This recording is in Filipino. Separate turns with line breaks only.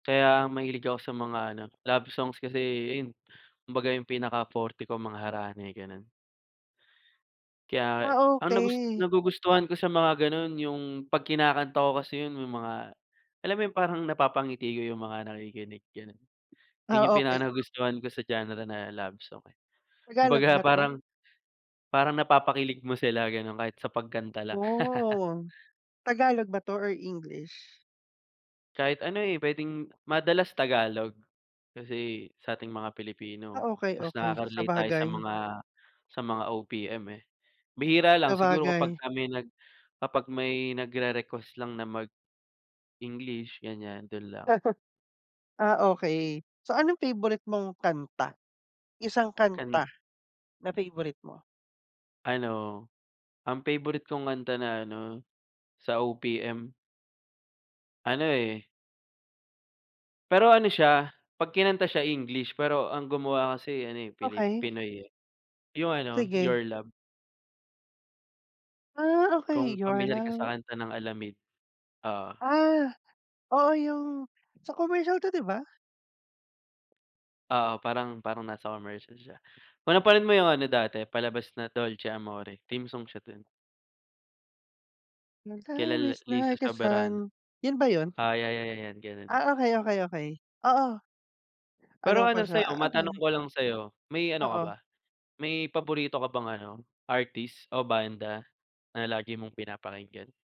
Kaya mahilig ako sa mga ano love songs kasi ayun, kumbaga yung pinakaforte ko mga harana, eh, gano'n. Kaya,
Ah,
ang nagus
okey.
nagugustuhan ko sa mga gano'n yung 'pag kinakanta ko kasi 'yun yung mga, alam mo yung parang napapangiti ko yung mga nakikinig, gano'n. 'Yun
Ah,
yung
okey.
pinakanagustuhan ko sa genre na love song, eh,
Tagalog
kumbaga
ba 'to?
parang, parang napapakilig mo sila gano'n kahit sa pagkanta lang.
Wow! Tagalog ba 'to or English?
Kahit ano, eh, puwedeng madalas Tagalog, kasi sa'ting mga Pilipino
Ah, okey,
mas
okey
nakaka-relate tayo sa
sabagay.
mga, sa mga OPM eh. Bihira lang siguro
Sabagay.
kapagka may nag kapag may nagre-request lang na mag-English ganyan do'n lang.
Ah, okey. So anong favorite mong kanta? Isang
Kan
kanta, na favorite mo?
Ano, ang favorite kong kanta na ano, sa OPM ano, eh pero ano siya, 'pag kinanta siya English pero ang gumawa kasi ano, eh, pili
Okey.
Pinoy, eh. Yung ano
Sige.
Your love.
Ah, okey.
Kung
Your
pamilyar ka sa
love
kanta ng Alamid. Oo.
Ah, oo yung, sa commercial to 'di ba?
Oo, parang parang nasa commercial siya, kung napanood mo yung ano dati palabas na Dolce Amore, theme song siya do'n.
Your
Kila
love
la
is
Liza
like a
Soberano.
sun 'yun ba 'yun?
Ah, ya ya ya 'yan gano'n.
Ah, okey, okey, okey, oo. Alam
Pero
ko
ano
siya,
sa'yo
ah,
matanong
okey.
ko lang sa'yo, may ano ka
Oo.
ba? May paborito ka bang ano, artist o banda, na lagi mong pinapakinggan?